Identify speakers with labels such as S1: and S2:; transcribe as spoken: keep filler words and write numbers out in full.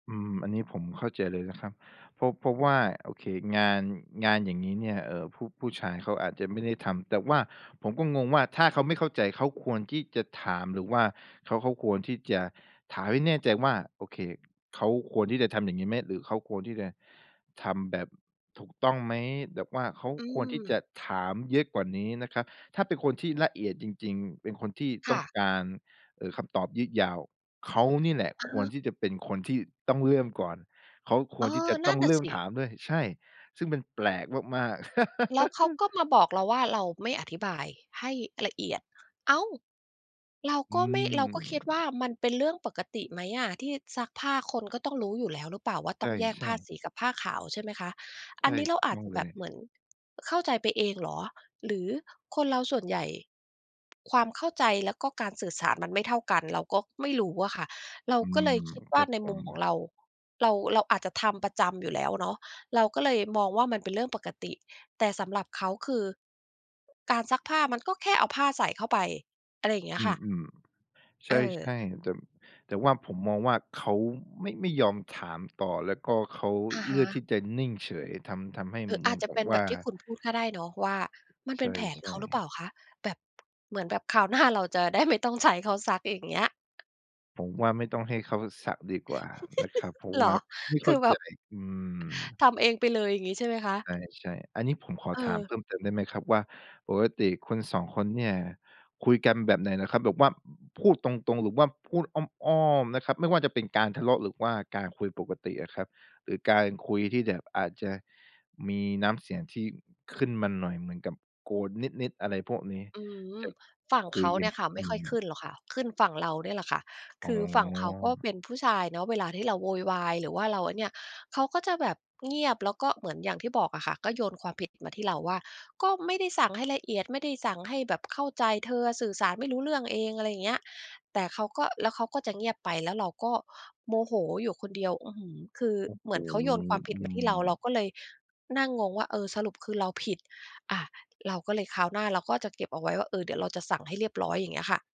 S1: อืม อันนี้ผมเข้าใจเลยนะครับ เพราะ เพราะว่า โอเค งาน งานอย่างงี้เนี่ย เอ่อ ผู้ ผู้ชายเขาอาจจะไม่ได้ทำ แต่ว่าผมก็งงว่า ถ้าเขาไม่เข้าใจเขาควรที่จะถาม หรือว่าเขา เขาควรที่จะถามให้แน่ใจว่า โอเค เขาควรที่จะทำอย่างงี้ไหม? หรือเขาควรที่จะทำแบบถูกต้องไหม? แบบว่าเขา
S2: อื
S1: ควรที่
S2: ม
S1: จะถามเยอะกว่านี้นะครับ ถ้าเป็นคนที่ละเอียดจริง ๆ เป็นคนที่
S2: ค
S1: ต้
S2: ่
S1: อง
S2: ะ
S1: การ เอ่อ คำตอบยืดยาว เขานี่แหละ
S2: อะ
S1: ค
S2: ฮ
S1: วร
S2: ะ
S1: ที่จะเป็นคนที่ต้องเริ่มก่อน เขาค
S2: เอ
S1: วรที่จ
S2: อ
S1: ะ
S2: น
S1: ต
S2: ั
S1: ้
S2: ่
S1: อ
S2: น
S1: ง
S2: น่
S1: เ
S2: ะ
S1: ริ่
S2: ส
S1: ม
S2: ิ
S1: ถามด้วย ใช่ ซึ่งมันแปลกมาก ๆ
S2: แล้วเขาก็มาบอกเราว่า "เราไม่อธิบายให้ละเอียด" อ้าว เรา
S1: อื
S2: ก็ไม่ เราก็คิดว่า
S1: ม
S2: มันเป็นเรื่องปกติไหมอะที่ซักผ้าคนก็ต้องรู้อยู่แล้วหรือเปล่าว่า
S1: ใ
S2: ต้องแยก
S1: ช
S2: ผ
S1: ่
S2: ้า
S1: ๆ
S2: สีกับผ้าขาว ใช่ไหมคะ
S1: ใ
S2: อ
S1: ช
S2: ัน
S1: ่
S2: นี้เร
S1: ถ
S2: า
S1: ูก
S2: อาจ
S1: ต้อ
S2: จ
S1: ง
S2: ะ
S1: เล
S2: แบ
S1: ย
S2: บเหมือนเข้าใจไปเองเหรอ หรือคนเราส่วนใหญ่ความเข้าใจแล้วก็การสื่อสารมันไม่เท่ากัน เราก็ไม่รู้อะค่ะ เรา
S1: อื
S2: ก็เลย
S1: ม
S2: คิดว
S1: ค
S2: ่
S1: ร
S2: า
S1: ับ
S2: ใน
S1: ผ
S2: มุ
S1: ม
S2: มของเรา เรา เราอาจจะทำประจำอยู่แล้วเนาะ เราก็เลยมองว่ามันเป็นเรื่องปกติ แต่สำหรับเขาคือ การซักผ้ามันก็แค่เอาผ้าใส่เข้าไป อะไรอย่างเงี้
S1: อื
S2: ยค่ะ
S1: ม ๆ ใช
S2: เออ
S1: ่ ๆ แต่ แต่ว่าผมมองว่าเขาไม่ ไม่ยอมถามต่อ แล้วก็เขา
S2: อะ
S1: เ
S2: ฮ
S1: ลือกที
S2: ะ
S1: ่จะนิ่งเฉย ทำ ทำให้
S2: อื๋อ
S1: เห
S2: อ
S1: มื
S2: า
S1: อ
S2: จ
S1: น
S2: จะ
S1: กั
S2: เป
S1: บ
S2: ็นแ
S1: ว
S2: บ
S1: ่า
S2: บที่คุณพูดก็ได้เนาะ ว่ามันเ
S1: ใ
S2: ป
S1: ช
S2: ็นแผนเข
S1: ่
S2: าหรือเปล่
S1: ๆ
S2: าคะ แบบ เหมือนแบบคราวหน้าเราจะได้ไม่ต้องใช้เขาซัก อย่างเงี้ย
S1: ผมว่าไม่ต้องให้เขาสักดีกว่านะครับ เพราะ
S2: เห
S1: ว
S2: ร
S1: ่
S2: อ?
S1: าไม่เ
S2: ค
S1: ข้
S2: ื
S1: า
S2: อแบ
S1: ใจ
S2: บ
S1: อืม
S2: ทำเองไปเลย อย่างงี้ใช่ไหมคะ?
S1: ใช่ ๆ อันนี้ผมขอ
S2: เ
S1: ถามเพ
S2: ออ
S1: ิ่มเติมได้ไหมครับว่า ปกติคุณ สอง คนเนี่ย คุยกันแบบไหนนะครับ? แบบว่าพูดตรง ๆ หรือว่าพูดอ้อม ๆ นะครับ ไม่ว่าจะเป็นการทะเลาะ หรือว่าการคุยปกติอะครับ หรือการคุยที่แบบอาจจะมีน้ำเสียงที่ขึ้นมาหน่อย เหมือนกับโกรธนิด ๆ อะไรพวกนี้
S2: อื
S1: จ
S2: ม
S1: ะ
S2: ฝั่ง
S1: คุ
S2: เข
S1: ย
S2: า
S1: ยั
S2: เนี
S1: ง
S2: ่
S1: ไ
S2: ย
S1: ง?
S2: ค่ะ ไ
S1: อ
S2: ม่
S1: ื
S2: ค่อยข
S1: ม
S2: ึ้นหรอกค่ะ ขึ้นฝั่งเราเนี่ยแหละค่ะ
S1: อ๋
S2: คือฝั่งเขาก็
S1: อ
S2: เป็นผู้ชายเนาะ เวลาที่เราโวยวาย หรือว่าเราอันเนี่ย เขาก็จะแบบเงียบ แล้วก็เหมือนอย่างที่บอกอะค่ะ ก็โยนความผิดมาที่เราว่า "ก็ไม่ได้สั่งให้ละเอียด ไม่ได้สั่งให้แบบเข้าใจ เธออะสื่อสารไม่รู้เรื่องเอง" อะไรอย่างเงี้ย แต่เขาก็ แล้วเขาก็จะเงียบไป แล้วเราก็โมโหอยู่คนเดียว อื้อฮือ คือ
S1: โอ้
S2: เ
S1: โ
S2: หม
S1: ฮ
S2: ือนเขาโยนความผ
S1: อ
S2: ิด
S1: ื
S2: เหมือนที่เรา เร
S1: ม
S2: าก็เลยนั่งงงว่า เออ สรุปคือเราผิด อา เราก็เลยคราวหน้าเราก็จะเก็บเอาไว้ว่า เออ เดี๋ยวเราจะสั่งให้เรียบร้อย อย่างเงี้ยค่ะ